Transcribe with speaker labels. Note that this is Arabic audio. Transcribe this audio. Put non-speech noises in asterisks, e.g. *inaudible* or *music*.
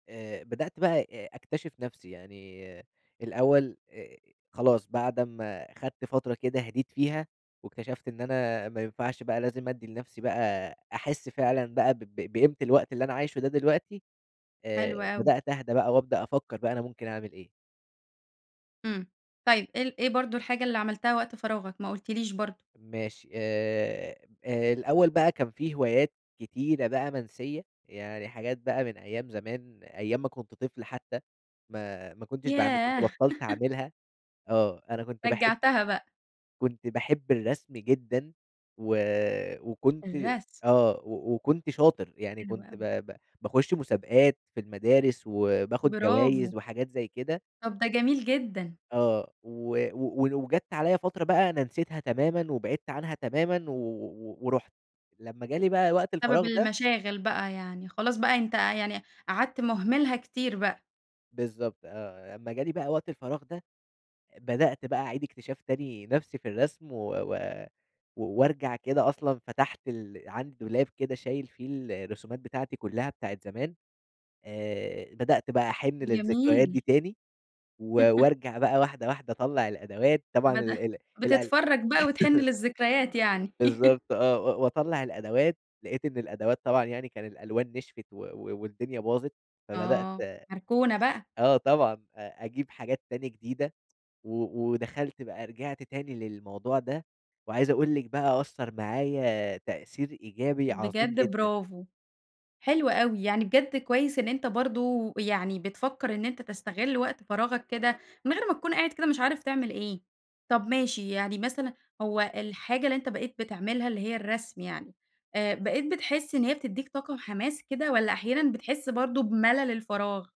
Speaker 1: آآ، بدأت بقى أ أكتشف نفْسي، يعني الأول آآ، خلاص بَعد أمّا خَدت فترة كده هدِيت فيها، واكتشفت إن أنا ما ينفعش بقى لازم أدّي لنفْسي بقى أحس فعلًا بقى ب ب بقيمة الوقت اللي أنا عايشه ده دلوقتي،
Speaker 2: حلو
Speaker 1: آآ،
Speaker 2: أوي.
Speaker 1: بدأت أهدى بقى وأبدأ أفكّر بقى أنا ممكن أعمل إيه.
Speaker 2: إمم. طيب، إيه ال إيه برضه الحاجة اللي عملتها وقت فراغك، ما قلتيليش برضه؟
Speaker 1: ماشي، آآ، آآ، الأول بقى كان في هوايات كتيرة بقى منسيّة، يعني حاجات بقى من أيام زمان، أيام ما كنت طفل حتى ما ما كنتش باعمل كنت
Speaker 2: ياه!
Speaker 1: بطّلت
Speaker 2: *laughs*
Speaker 1: اعملها. آه، أنا كنت باحب
Speaker 2: رجّعتها بقى.
Speaker 1: كنت باحب الرسم جدًا و وكنت
Speaker 2: الرسم.
Speaker 1: آه و وكنت شاطر، يعني
Speaker 2: حلو
Speaker 1: كنت ب
Speaker 2: أوي.
Speaker 1: ب باخُش مسابقات في المدارس وباخد
Speaker 2: برافو.
Speaker 1: جوايز وحاجات زي كده.
Speaker 2: طَب ده جميل جدًا.
Speaker 1: آه، و و وجات عليَّ فترة بقى أنا نسيتها تمامًا وبعدت عنها تمامًا و و و ورُحت، لمّا جالي بقى وقت
Speaker 2: بسبب
Speaker 1: الفراغ ده
Speaker 2: المشاغل بقى يعني، خلاص بقى أنت يعني قعَدت مُهملها كتير بقى.
Speaker 1: بالضبط آه، لمّا جالي بقى وقت الفراغ ده، آآ، بدأت بقى أعيد اكتشاف تاني نفْسي في الرسم و و و وأرجع كده، أصلًا فتَحت ال عندي دولاب كده شايل فيه الرسومات بتاعتي كلّها، بتاعة زمان، آآ، بدأت بقى أحِن للذكريات دي
Speaker 2: جميل.
Speaker 1: تاني و
Speaker 2: *laughs*
Speaker 1: وأرجَع بقى واحدة، واحدة أطلّع الأدوات، طبعًا ال
Speaker 2: بدأ
Speaker 1: ال القل
Speaker 2: بتتفرّج بقى وتحِن
Speaker 1: *laughs*
Speaker 2: للذكريات يعني. *laughs*
Speaker 1: بالضبط آه، و وأطلّع الأدوات، لقيت إن الأدوات طبعًا يعني كان الألوان نشفِت و و والدنيا باظت. فبدأت
Speaker 2: آه، مركونة بقى.
Speaker 1: آه طبعًا أ أجيب حاجات تانية جديدة و ودخَلت بقى، رجِعت تاني للموضوع ده. وعايز أقُول لِك بقى أثّر معايا تأثير إيجابي عظيم
Speaker 2: بجد
Speaker 1: جدًا.
Speaker 2: برافو، حلو أوي، يعني بجد كويس إن أنت برضه يعني بتفكّر إن أنت تستغِل وقت فراغك كده، من غير ما تكون قاعد كده مش عارف تعمل إيه. طَب ماشي، يعني مثلًا هو الحاجة اللي أنت بقيت بتعملها اللي هي الرسم يعني، آآ، بقيت بتحس إن هي بتدّيك طاقة وحماس كده والّا أحيانًا بتحس برضه بملل الفراغ؟